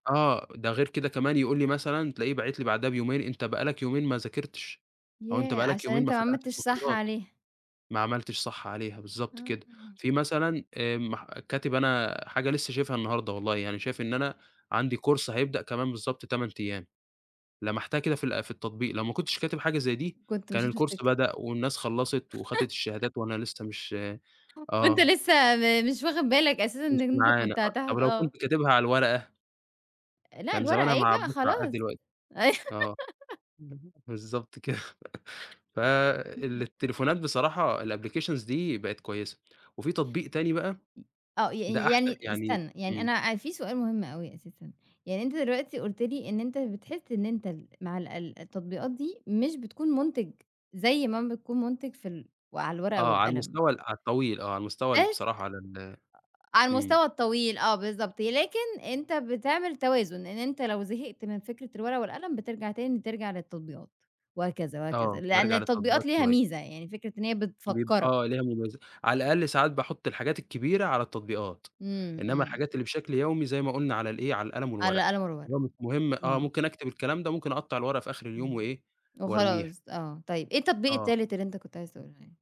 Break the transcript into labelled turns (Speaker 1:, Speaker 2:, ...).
Speaker 1: آه، ده غير كده كمان يقول لي مثلًا، تلاقيه باعت لي بعدها بيومين، أنت بقى لك يومين ما ذاكرتش، أو أنت
Speaker 2: ياه!
Speaker 1: بقى لك
Speaker 2: عشان
Speaker 1: يومين
Speaker 2: أنت
Speaker 1: ما
Speaker 2: ما
Speaker 1: فتحتش
Speaker 2: عملتش صح
Speaker 1: محاضرات،
Speaker 2: عليها.
Speaker 1: ما عملتش صح عليها بالضبط كده،
Speaker 2: اهم.
Speaker 1: في مثلًا آآ مح كاتب أنا حاجة لسّه شايفها النهارده والله يعني شايف إن أنا، عندي كورس هيبدأ كمان بالضبط 8 أيام، لَمَحتها كده في ال في التطبيق لو ما كنتش كاتب حاجة زي دي،
Speaker 2: كنت
Speaker 1: كان
Speaker 2: مش
Speaker 1: الكورس
Speaker 2: هتفتكر.
Speaker 1: بدأ والناس خلّصت، وخَدِت الشهادات وأنا لسّه مش
Speaker 2: [unintelligible] وأنت
Speaker 1: آه.
Speaker 2: لسّه م مش واخد بالك أساسًا إن
Speaker 1: مش
Speaker 2: أنت
Speaker 1: معانا
Speaker 2: كنت
Speaker 1: أ طب
Speaker 2: هتاخد
Speaker 1: ولو
Speaker 2: آه.
Speaker 1: كنت كاتبها على الورقة؟
Speaker 2: لأ
Speaker 1: كان
Speaker 2: الورقة
Speaker 1: زمانها
Speaker 2: إيه
Speaker 1: مع
Speaker 2: بقى
Speaker 1: عباس العقاد
Speaker 2: خلاص.
Speaker 1: دلوقتي،
Speaker 2: اي
Speaker 1: آه، اهم، بالضبط كده، ف
Speaker 2: إمم.
Speaker 1: التليفونات بصراحة الapplications دي بقِت كويسة، وفي تطبيق تاني بقى
Speaker 2: [unintelligible] آه
Speaker 1: ده
Speaker 2: ي
Speaker 1: أحسن
Speaker 2: يعني
Speaker 1: يعني
Speaker 2: استنى، يعني
Speaker 1: إمم.
Speaker 2: أنا في سؤال مهم أوي أساسًا، يعني أنت دلوقتي قُلت لي إن أنت بتحس إن أنت ال مع ال التطبيقات دي مش بتكون مُنتِج، زي ما بتكون مُنتِج في ال على الورقة
Speaker 1: آه، على
Speaker 2: والقلم
Speaker 1: المستوى ال على الطويل آه، على المستوى ال
Speaker 2: بس
Speaker 1: بصراحة على ال
Speaker 2: على
Speaker 1: إمم.
Speaker 2: المستوى الطويل آه بالضبط، لكن أنت بتعمل توازن، إن أنت لو زهقت من فكرة الورقة والقلم بترجع تاني ترجع للتطبيقات، وهكذا، وهكذا،
Speaker 1: آه،
Speaker 2: لإن
Speaker 1: بارجع
Speaker 2: التطبيقات
Speaker 1: للتطبيقات
Speaker 2: ليها
Speaker 1: شوية.
Speaker 2: ميزة، يعني فكرة إن هي
Speaker 1: بيب
Speaker 2: بتفكّرك.
Speaker 1: آه ليها مُمَيز على الأقل ساعات باحُط الحاجات الكبيرة على التطبيقات،
Speaker 2: إمم،
Speaker 1: إنما
Speaker 2: إمم.
Speaker 1: الحاجات اللي بشكل يومي زي ما قُلنا على الإيه على القلم
Speaker 2: على
Speaker 1: والورقة،
Speaker 2: القلم والورقة.
Speaker 1: اللي هو مش مهم آه،
Speaker 2: إمم.
Speaker 1: ممكن اكتب الكلام ده ممكن اقطّع الورقة في آخر اليوم
Speaker 2: إمم،
Speaker 1: وإيه؟ وارميها.
Speaker 2: وخلاص آه، طيب، إيه التطبيق
Speaker 1: آه.
Speaker 2: التالت اللي أنت كنت عايز تقوله لي؟